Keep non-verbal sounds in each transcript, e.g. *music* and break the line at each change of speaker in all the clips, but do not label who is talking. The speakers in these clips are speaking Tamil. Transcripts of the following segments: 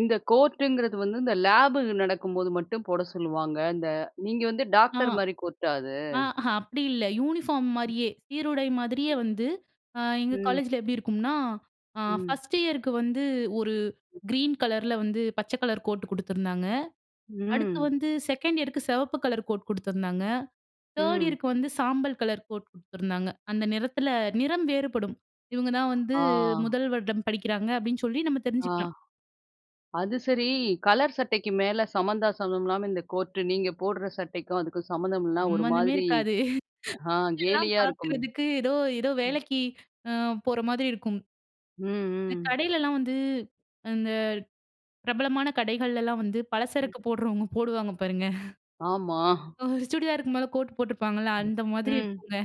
இந்த கோர்டுங்கிறது வந்து இந்த லேபு நடக்கும்போது மட்டும் போட சொல்லுவாங்க. இந்த நீங்க வந்து
ஆ
டாக்டர் மாரி கோட்டா அது?
ஆ அப்படி இல்ல, யூனிஃபார்ம் மாரியே சீருடை மாதிரியே வந்து எங்கள்
ம்.
காலேஜில எப்படி இருக்கும்னா,
ம்.
1 இயருக்கு வந்து ஒரு கிரீன் கலர்ல வந்து, பச்சை கலர் கோட் கொடுத்துருந்தாங்க. அடுத்து
ம்.
வந்து 2 இயருக்கு சிவப்பு கலர் கோட் குடுத்துருந்தாங்க. 3
ம்.
இயருக்கு வந்து சாம்பல் கலர் கோட் கொடுத்துருந்தாங்க. அந்த நிறத்தில நிறம் வேறுபடும் இவங்க தான் வந்து
ஆ.
முதல் வருடம் படிக்கிறாங்க. அப்படின்னு சொல்லி நம்ம
ஆ.
தெரிஞ்சுக்கலாம்.
அது சரி, கலர் சட்டைக்கு மேல சம்மந்தா சம்மந்தம் இல்லாம, இந்த கோர்ட் நீங்க போட்ற சட்டைக்கும் அதுக்கும் சம்மந்தம் இல்ல. ஒரு
சம்மந்தமே
மாதிரி
இருக்காது.
ஆ
*chuckles*
கேலியா இருக்குமே,
பாக்கறதுக்கு ஏதோ, ஏதோ
ம்.
வேலைக்கு அ போற மாரி இருக்கும்.
ம்.
இந்த
ம்.
கடையிலலாம் வந்து இந்த பிரபலமான கடைகள்லாம் வந்து பலசரக்கு போடுறவங்க, போடுவாங்க பாருங்க. *chuckles*
ஆமா.
ஒரு சுடிதாருக்கு மேல கோட் போட்டிருப்பாங்கல்ல, அந்த மாதிரி
ம்.
இருக்குங்க.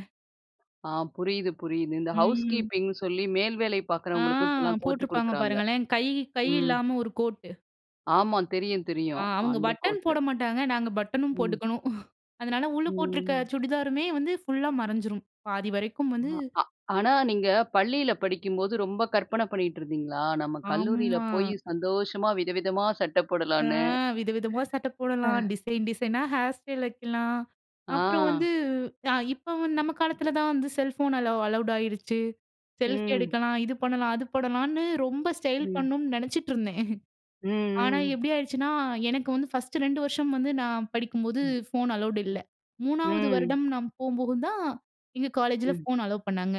ஆ புரியுது, புரியுது. இந்த ஹவுஸ்
ம்.
கீப்பிங்ன்னு சொல்லி மேல் வேலை
ஆ
பாக்கறவங்களுக்கும் இப்பெல்லாம் கோர்ட்
போட்டிருப்பாங்க
கொடுக்குறாங்க.
பாருங்களேன், கை கை
ம்.
இல்லாமல் ஒரு கோட்டு.
ஆமா தெரியும்,
ஆ
தெரியும்.
அவங்க
அந்த
பட்டன்
கோர்ட்.
போட மாட்டாங்க. நாங்க பட்டனும்
ம்.
போட்டுக்கணும். *chuckles* அதனால உள்ள போட்டிருக்கிற
ம்.
சுடிதாருமே வந்து ஃபுல்லா மறைஞ்சிடும் பாதி வரைக்கும் வந்து
ஆ ஆனா, நீங்க பள்ளியில படிக்கும்போது ரொம்ப கற்பனை பண்ணிக்கிட்டு இருந்தீங்களா? நம்ம கல்லூரியில்
ஆமா.
போய் சந்தோஷமா வித, விதமா சட்ட
ஆ
போடலாம்னு.
விதவிதமா சட்டை
ஆ.
போடலாம். டிசைன், டிசைனா ஹேர் ஸ்டைல் வைக்கலாம். அப்புறம்
ஆ.
வந்து இப்ப வந்து நம்ம காலத்தில தான் வந்து செல்ஃபோன் அலோ அலவுட் ஆகிடுச்சு செல்ஃபி
ம்.
எடுக்கலாம், இது பண்ணலாம். அது பண்ணலாம்ன்னு ரொம்ப ஸ்டைல்
ம்.
பண்ணணும்னு நினைச்சிட்டுருந்தேன். ஆனா,
ம். ம்.
எப்படி ஆயிடுச்சுன்னா எனக்கு வந்து 1 2 வருஷம் வந்து நான் படிக்கும்போது
ம்.
ஃபோன் அலவுட் இல்ல. 3
ம்.
வரிடம் நான் போகும்போது தான் எங்க காலேஜில
ம்.
ஃபோன் அலோவ் பண்ணாங்க.